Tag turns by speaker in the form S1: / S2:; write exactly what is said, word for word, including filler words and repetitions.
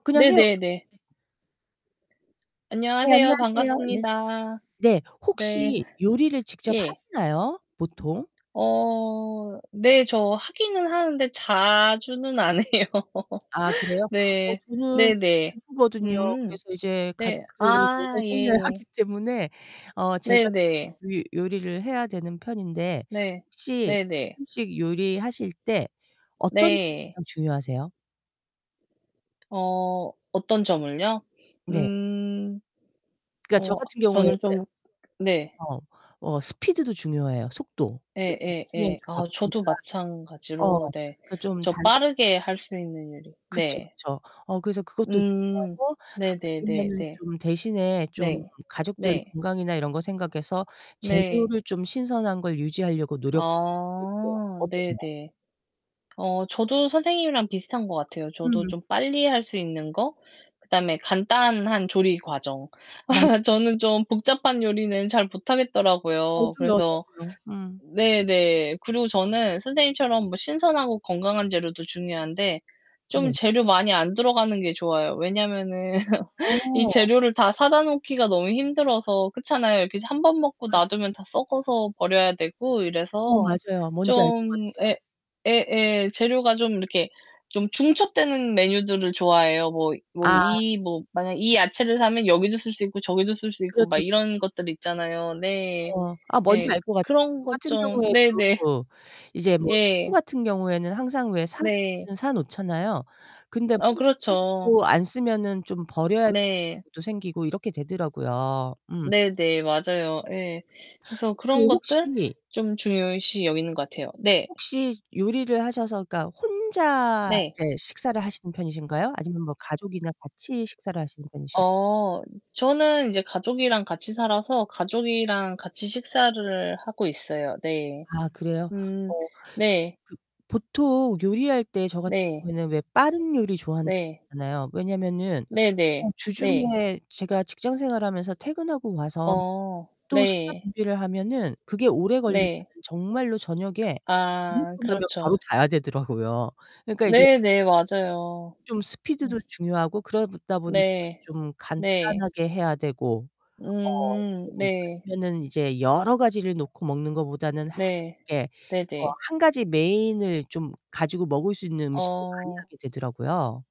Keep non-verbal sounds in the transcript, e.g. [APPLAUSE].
S1: 그냥 해요.
S2: 네네네.
S1: 네
S2: 안녕하세요.
S1: 안녕하세요. 네.
S2: 반갑습니다.
S1: 네.
S2: 네.
S1: 혹시 요리를 직접
S2: 예.
S1: 하시나요 보통?
S2: 어 네 저 하기는 하는데 자주는 안 해요.
S1: 아 그래요?
S2: [LAUGHS]
S1: 어
S2: 네.
S1: 저는 어
S2: 네네.
S1: 주부거든요.
S2: 음.
S1: 그래서 이제
S2: 네.
S1: 가족들을 먹여
S2: 아
S1: 살려야
S2: 예.
S1: 하기 때문에 어 제가
S2: 네네.
S1: 이 요리를 해야 되는 편인데
S2: 네.
S1: 혹시
S2: 네네.
S1: 음식 요리하실 때 어떤 게
S2: 네.
S1: 가장 중요하세요?
S2: 어 어떤 점을요?
S1: 네.
S2: 음.
S1: 그러니까 저
S2: 어
S1: 같은 경우에는
S2: 저는 좀 네.
S1: 어. 어 스피드도 중요해요 속도. 왜냐면 주중에는
S2: 예예예.
S1: 좀
S2: 아 저도
S1: 바쁘니까. 어.
S2: 마찬가지로 네
S1: 그래서 좀
S2: 저
S1: 단순한
S2: 빠르게 할 수 있는 요리
S1: 그쵸,
S2: 네.
S1: 그쵸. 어 그래서 그것도
S2: 음
S1: 중요하고
S2: 네네네네.
S1: 아니면은 좀 대신에 좀
S2: 네.
S1: 가족들
S2: 네.
S1: 건강이나 이런 거 생각해서
S2: 네.
S1: 재료를 좀 신선한 걸 유지하려고 노력하고 있고요.
S2: 아
S1: 어떠세요?
S2: 네네. 어 저도 선생님이랑 비슷한 거 같아요. 저도
S1: 음.
S2: 좀 빨리 할 수 있는 거, 그다음에 간단한 조리 과정.
S1: 맞아.
S2: [LAUGHS] 저는 좀 복잡한 요리는 잘 못 하겠더라고요.
S1: 저도요,
S2: 그래서
S1: 저도요. 음.
S2: 네네. 그리고 저는 선생님처럼 뭐 신선하고 건강한 재료도 중요한데 좀
S1: 네.
S2: 재료 많이 안 들어가는 게 좋아요. 왜냐하면은 [LAUGHS] 이
S1: 어.
S2: 재료를 다 사다 놓기가 너무 힘들어서 그렇잖아요. 이렇게 한 번 먹고
S1: 맞아요.
S2: 놔두면 다 썩어서 버려야 되고
S1: 어,
S2: 이래서
S1: 맞아요. 뭔지 알 것
S2: 좀
S1: 같아요.
S2: 예 예예. 재료가 좀 이렇게 좀 중첩되는 메뉴들을 좋아해요. 뭐 뭐
S1: 아.
S2: 이 뭐 만약에 이 야채를 사면 여기도 쓸 수 있고, 저기도 쓸 수 있고 막
S1: 그렇죠, 그렇죠.
S2: 이런 것들 있잖아요. 네.
S1: 어. 아 뭔지
S2: 예.
S1: 알 것 같아.
S2: 그런
S1: 저
S2: 것
S1: 같은
S2: 좀 네네.
S1: 경우에도 이제 뭐 채소
S2: 예.
S1: 같은 경우에는 항상 왜 사
S2: 네.
S1: 놓기는 사 놓잖아요? 근데
S2: 아
S1: [UNINTELLIGIBLE]
S2: 그렇죠.
S1: 안 쓰면은 좀 버려야
S2: 네.
S1: [UNINTELLIGIBLE] 생기고 이렇게 되더라고요. 음.
S2: 네네. 맞아요. 예. 그래서
S1: 그
S2: 그런 것들
S1: 혹시
S2: 좀 중요시 여기는 것 같아요. 네.
S1: 혹시 요리를 하셔서 그니까 혼자
S2: 네.
S1: 이제 식사를 하시는 편이신가요 아니면 뭐 가족이나 같이 식사를 하시는 편이신
S2: 어 저는 이제 가족이랑 같이 살아서 가족이랑 같이 식사를 하고 있어요. 네.
S1: 아 그래요?
S2: 음
S1: 어
S2: 네.
S1: 그 보통 요리할 때 저 같은
S2: 네.
S1: 경우에는 왜 빠른 요리 좋아한다
S2: 네.
S1: 했잖아요. 왜냐면은 어
S2: 네네. 네.
S1: 주중에 제가 직장 생활하면서 퇴근하고 와서
S2: 어
S1: 또 식사
S2: 네.
S1: 준비를 하면은 그게 오래 걸리면은
S2: 네.
S1: 정말로 저녁에 밥
S2: 아
S1: 먹고 나면 바로
S2: 그렇죠.
S1: 자야 되더라고요. 그러니깐 이제
S2: 네네. 맞아요.
S1: 좀 스피드도
S2: 음.
S1: 중요하고 그러다 보니
S2: 네.
S1: 좀
S2: 네.
S1: 간단하게 해야 되고 어
S2: 음
S1: 좀
S2: 네.
S1: 아니면은 이제 여러 가지를 놓고 먹는 것 보다는 하
S2: 네.
S1: 이게 어
S2: 네네.
S1: 한 가지 메인을 좀 가지고 먹을 수 있는 음식을 많이
S2: 어.
S1: 하게 되더라고요.